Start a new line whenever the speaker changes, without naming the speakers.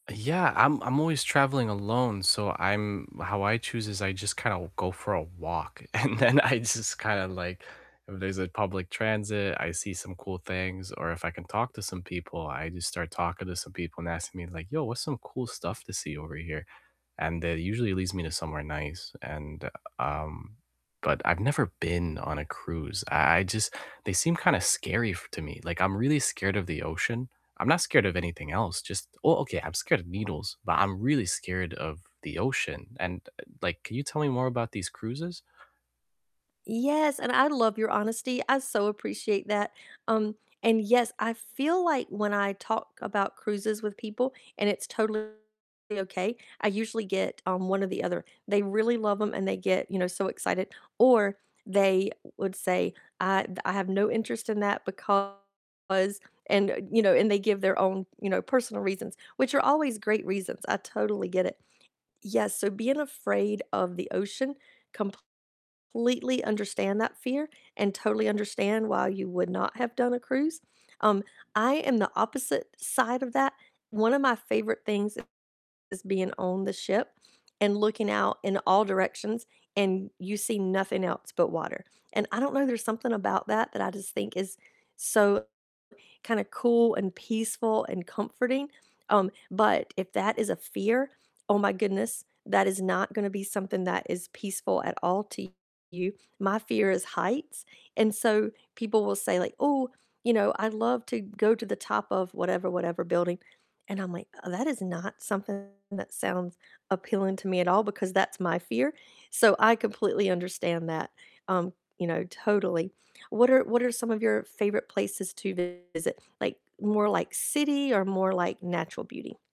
Uh, yeah, I'm I'm always traveling alone, so I'm how I choose is I just kinda w go for a walk, and then I just kinda, like if there's a public transit, I see some cool things, or if I can talk to some people, I just start talking to some people and asking me like, "Yo, what's some cool stuff to see over here?" and that usually leads me to somewhere nice, and, um but I've never been on a cruise, I I just they seem kinda scary f to me, like, I'm really scared of the ocean, I'm not scared of anything else, just well, okay, I'm scared of needles, but I'm really scared of the ocean, and, uh, like, can you tell me more about these cruises?
Yes, and I love your honesty, I so appreciate that, um, and yes, I feel like when I talk about cruises with people, and it's totally okay, I usually get, um, one or the other; they really love 'em and they get, you know, so excited, or they would say, "I th I have no interest in that because" and, uh you know, and they give their own, you know, personal reasons, which are always great reasons, I totally get it. Yes, so being afraid of the ocean, completely understand that fear, and totally understand why you would not have done a cruise, um, I am the opposite side of that. One of my favorite things is being on the ship and looking out in all directions, and you see nothing else but water, and I don't know, there's something about that that I just think is so kinda cool and peaceful and comforting, um, but if that is a fear, oh my goodness, that is not gonna be something that is peaceful at all to you. My fear is heights, and so people will say like, "Ooh, you know, I'd love to go to the top of whatever whatever building," and I'm like, "That is not something that sounds appealing to me at all," because that's my fear, so I completely understand that, um, you know, totally. What are what are some of your favorite places to visit? Like, more, like, city or more, like, natural beauty?